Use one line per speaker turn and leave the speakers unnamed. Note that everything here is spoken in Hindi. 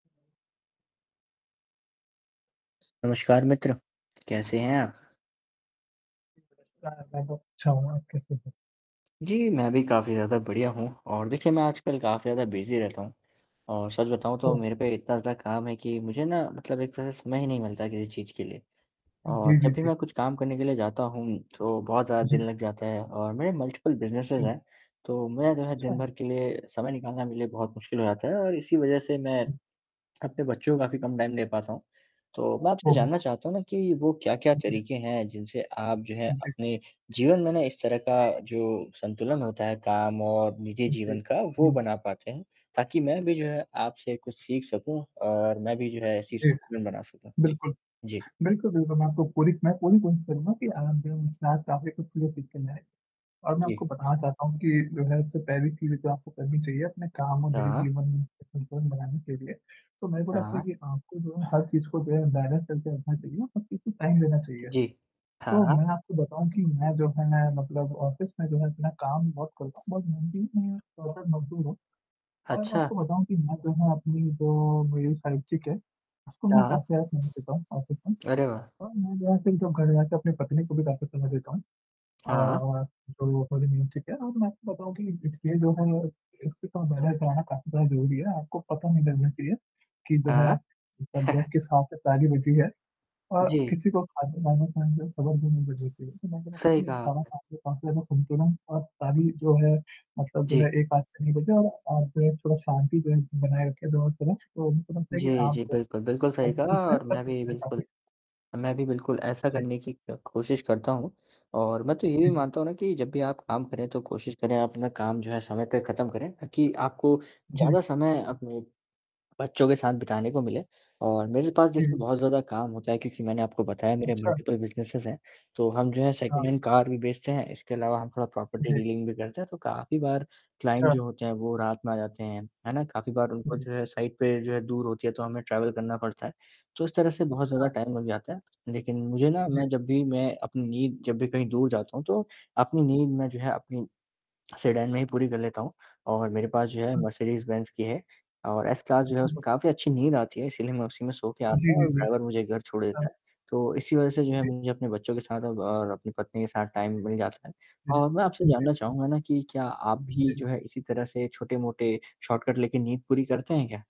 नमस्कार मित्र, कैसे हैं?
[unintelligible] मैं बहुत अच्छा हूँ आप कैसे हैं?
जी, मैं भी काफ़ी ज़्यादा बढ़िया हूँ और देखिए मैं आजकल काफ़ी ज़्यादा बिजी रहता हूँ और सच बताऊँ तो
ओह!
मेरे पे इतना काम है कि मुझे ना मतलब एक तरह से समय ही नहीं मिलता किसी चीज़ के लिए और
जी, जी,
जब भी
जी।
मैं कुछ काम करने के लिए जाता हूँ, तो बहुत ज़्यादा दिन
जी।
लग जाता है और मेरे मल्टिप्ल बिज़नेसेज़
जी।
हैं, तो मुझे जो है
अच्छा।
दिन-भर के लिए समय निकालना मेरे लिए बहुत मुश्किल हो जाता है और इसी वजह से मैं अपने बच्चों का भी कम टाइम दे पाता हूँ, तो मैं आपसे
ओहो!
जानना चाहता हूँ ना कि वो क्या-क्या तरीक़े हैं जिनसे आप जो है
जी।
अपने जीवन में ना इस तरह का जो संतुलन होता है काम और निजी
जी,
जीवन का वो
हुँ।
बना पाते हैं, ताकि मैं भी जो है आपसे कुछ सीख सकूँ और मैं भी जो है ऐसे
जी,
संतुलन बना सकूँ,
बिल्कुल।
जी।
बिल्कुल, बिल्कुल मैं आपको पूरी मैं पूरी कोशिश करूँगा कि [unintelligible] जाए और मैं आपको
जी।
बताना चाहता हूँ कि जो है जो पहली चीज़ जो आपको करनी चाहिए अपने काम और निजी
हाँ।
जीवन में संतुलन बनाने के लिए, तो मेरे को लगता है
हाँ।
कि आपको जो है हर चीज़ को जो है बैलेंस करके रखना चाहिए हर चीज़ को टाइम देना चाहिए।
जी, हाँ,
तो
हाँ।
मैं आपको बताऊँ कि मैं जो है मतलब ऑफिस में जो है अपना काम बहुत करता हूँ बहुत मेहनती हूँ और एक मजदूर हूँ और मैं
अच्छा।
आपको बताऊँ कि मैं जो है अपनी जो मेरी साइट्री क्या है, उसको मैं
हाँ।
काफी ज़्यादा सुना देता हूँ
अरे वाह!
मैं जो है एसे ही क्यों खड़े रहेते अपनी पत्नी को भी बातें सुना देता हूँ
हाँ।
और जो वो बोली मीन्स ठीक है और मैं आपको बताऊँ कि इसके जो है एक बहुत काफी ज़्यादा ज़रूरी है, आपको पता नहीं लगना चाहिए कि जो है,
हाँ,
[unintelligible] किस हाथ से ताली बजी है और
जी।
किसी को कानों कान जो है खबर भी नहीं लगनी चाहिए कि मैं जो है
सही
मैंने
कहा
कहा
आपने।
काफी ज़्यादा संतुलन और ताली जो है मतलब
जी।
एक हाथ से नहीं बजती और आप थोड़ा शांति बनाए रखें और थोड़ा तो उनको लगता है कि
जी, जी,
आप
बिल्कुल, बिल्कुल
[unintelligible]
सही
कर
कहा
सकते हैं काफी चीज़ें
और
कर
मैं
सकते
भी
हैं
बिल्कुल
अभी।
मैं भी बिल्कुल ऐसा
जी।
करने की क कोशिश करता हूँ और मैं तो ये भी
जी, जी।
मानता हूँ ना कि जब भी आप काम करें तो कोशिश करें आप अपना काम जो है समय पे ख़त्म करें ताकि आपको
जी।
ज़्यादा समय अपने बच्चों के साथ बिताने को मिले और मेरे पास
जी,
देखिए
जी।
बहुत ज़्यादा काम होता है क्योंकि मैंने आपको बताया मेरे
अच्छा।
मल्टीपल बिज़नेसेस हैं, तो हम जो है
हाँ।
सेकंड हैंड कार भी बेचते हैं इसके अलावा हम थोड़ा प्रॉपर्टी
जी।
डीलिंग भी करते हैं तो काफ़ी बार क्लाइंट
अच्छा।
जो होते हैं वो रात में आ जाते हैं, है ना? काफ़ी बार उनको
जी।
जो है साइट पे जो है दूर होती है तो हमें ट्रैवल करना पड़ता है तो इस तरह से बहुत ज़्यादा
अच्छा।
टाइम लग जाता है लेकिन मुझे ना मैं
जी।
जब भी मैं अपनी नींद जब भी कहीं दूर जाता हूँ तो, अपनी नींद में जो है अपनी सेडान मैं ही पूरी कर लेता हूँ और मेरे पास जो है
हाँ।
मर्सिडीज़ बेंज की है और एस क्लास जो है उसमें
जी।
काफ़ी अच्छी नींद आती है इसीलिए मैं उसी में सो के आता
जी,
हूँ और
जी, जी,
ड्राइवर मुझे घर छोड़
हाँ।
देता है, तो इसी वजह से जो है
जी।
मुझे अपने बच्चों के साथ और अपनी पत्नी के साथ टाइम मिल जाता है
जी।
और मैं आपसे
हुँ, जी,
जानना
हुँ।
चाहूँगा ना कि क्या आप भी
जी।
जो है इसी तरह से छोटे-मोटे शॉर्टकट लेके नींद पूरी करते हैं क्या?